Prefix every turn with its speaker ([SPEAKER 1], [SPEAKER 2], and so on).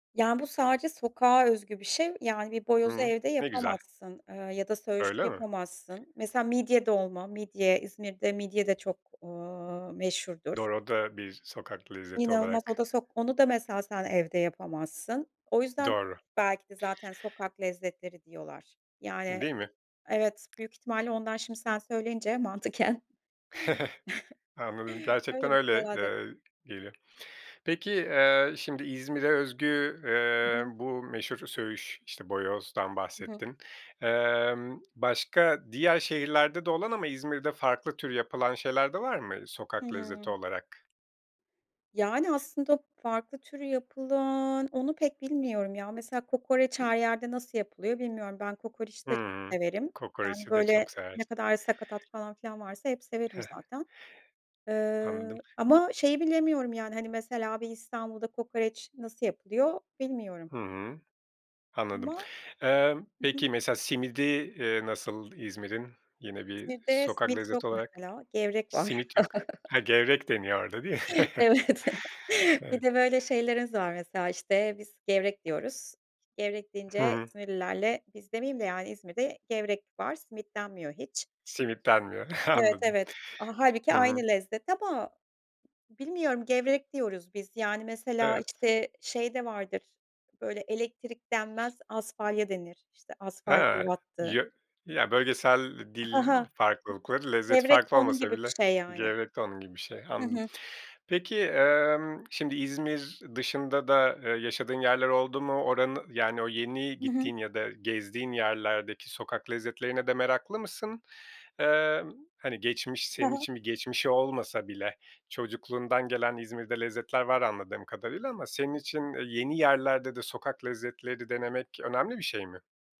[SPEAKER 1] Ya, bu sadece sokağa özgü bir şey. Yani, bir boyozu
[SPEAKER 2] Hıı.
[SPEAKER 1] evde
[SPEAKER 2] Ne güzel.
[SPEAKER 1] yapamazsın, ııı, ya da söğüşü
[SPEAKER 2] Öyle mi?
[SPEAKER 1] yapamazsın. Mesela, midye dolma; midye İzmir'de, midye de, eee, çok meşhurdur.
[SPEAKER 2] Doğru, o da bir sokak lezzeti
[SPEAKER 1] İnanılmaz o
[SPEAKER 2] olarak
[SPEAKER 1] da sok onu da mesela sen evde yapamazsın. O yüzden
[SPEAKER 2] Doğru.
[SPEAKER 1] belki de zaten sokak lezzetleri diyorlar. Yani,
[SPEAKER 2] Değil mi?
[SPEAKER 1] evet, büyük ihtimalle ondan. Şimdi sen söyleyince, mantıken.
[SPEAKER 2] Anladım, gerçekten
[SPEAKER 1] Hayır
[SPEAKER 2] öyle.
[SPEAKER 1] Herhâlde.
[SPEAKER 2] Eee, gelir. Peki, eee, şimdi İzmir'e özgü,
[SPEAKER 1] Hı
[SPEAKER 2] eee,
[SPEAKER 1] hı.
[SPEAKER 2] bu meşhur söğüş işte boyozdan
[SPEAKER 1] Hı hı.
[SPEAKER 2] bahsettin. Emm, başka, diğer şehirlerde de olan ama İzmir'de farklı tür yapılan şeyler de var mı,
[SPEAKER 1] Hı
[SPEAKER 2] sokak lezzeti
[SPEAKER 1] hı.
[SPEAKER 2] olarak?
[SPEAKER 1] Yani, aslında farklı türü yapılan onu pek bilmiyorum ya. Mesela, kokoreç her yerde nasıl yapılıyor, bilmiyorum. Ben kokoreç de çok
[SPEAKER 2] Hımm.
[SPEAKER 1] severim. Yani,
[SPEAKER 2] Kokoreçi de
[SPEAKER 1] böyle
[SPEAKER 2] çok
[SPEAKER 1] ne
[SPEAKER 2] seversin.
[SPEAKER 1] kadar sakatat falan filan varsa hep severim zaten. Eee,
[SPEAKER 2] Anladım.
[SPEAKER 1] ama şeyi bilemiyorum yani, hani, mesela bir İstanbul'da kokoreç nasıl yapılıyor, bilmiyorum.
[SPEAKER 2] Hımm. Anladım.
[SPEAKER 1] Ama.
[SPEAKER 2] Eee,
[SPEAKER 1] Hı hı.
[SPEAKER 2] peki, mesela simidi, eee, nasıl İzmir'in yine bir
[SPEAKER 1] İzmir'de
[SPEAKER 2] sokak
[SPEAKER 1] simit yok,
[SPEAKER 2] lezzeti olarak?
[SPEAKER 1] mesela, gevrek var.
[SPEAKER 2] Simit yok. Ha, gevrek deniyor orada, değil mi?
[SPEAKER 1] Evet, Bir
[SPEAKER 2] Evet.
[SPEAKER 1] de böyle şeylerimiz var mesela. İşte, biz gevrek diyoruz. Gevrek
[SPEAKER 2] Hı
[SPEAKER 1] deyince
[SPEAKER 2] hı.
[SPEAKER 1] İzmirlilerle, biz demeyeyim de, yani İzmir'de gevrek var. Simit denmiyor hiç.
[SPEAKER 2] Simit denmiyor, he,
[SPEAKER 1] Evet,
[SPEAKER 2] anladım.
[SPEAKER 1] evet. A hâlbuki
[SPEAKER 2] Hı hı.
[SPEAKER 1] aynı lezzet ama bilmiyorum, gevrek diyoruz biz yani. Mesela
[SPEAKER 2] Evet.
[SPEAKER 1] işte şey de vardır; böyle elektrik denmez asfalya denir işte.
[SPEAKER 2] Eee,
[SPEAKER 1] Asfalyalar attı.
[SPEAKER 2] ya ya bölgesel
[SPEAKER 1] I Hı
[SPEAKER 2] dil
[SPEAKER 1] hı.
[SPEAKER 2] farklılıklarıç lezzet
[SPEAKER 1] Gevrek de
[SPEAKER 2] farkı
[SPEAKER 1] onun
[SPEAKER 2] olmasa
[SPEAKER 1] gibi bir
[SPEAKER 2] bileç
[SPEAKER 1] şey yani.
[SPEAKER 2] gerekli onun gibi bir şey.
[SPEAKER 1] Hı
[SPEAKER 2] Anladım.
[SPEAKER 1] hı.
[SPEAKER 2] Peki, emm, şimdi İzmir dışında da, eee, yaşadığın yerler oldu mu? Oranı yani o yeni
[SPEAKER 1] Hı hı.
[SPEAKER 2] gittiğin ya da gezdiğin yerlerdeki sokak lezzetlerine de meraklı mısın? Eee, hani geçmiş,
[SPEAKER 1] He
[SPEAKER 2] senin
[SPEAKER 1] he.
[SPEAKER 2] için bir geçmişi olmasa bile, çocukluğundan gelen İzmir'de lezzetler var anladığım kadarıyla ama senin için yeni yerlerde de sokak lezzetleri denemek önemli bir şey mi?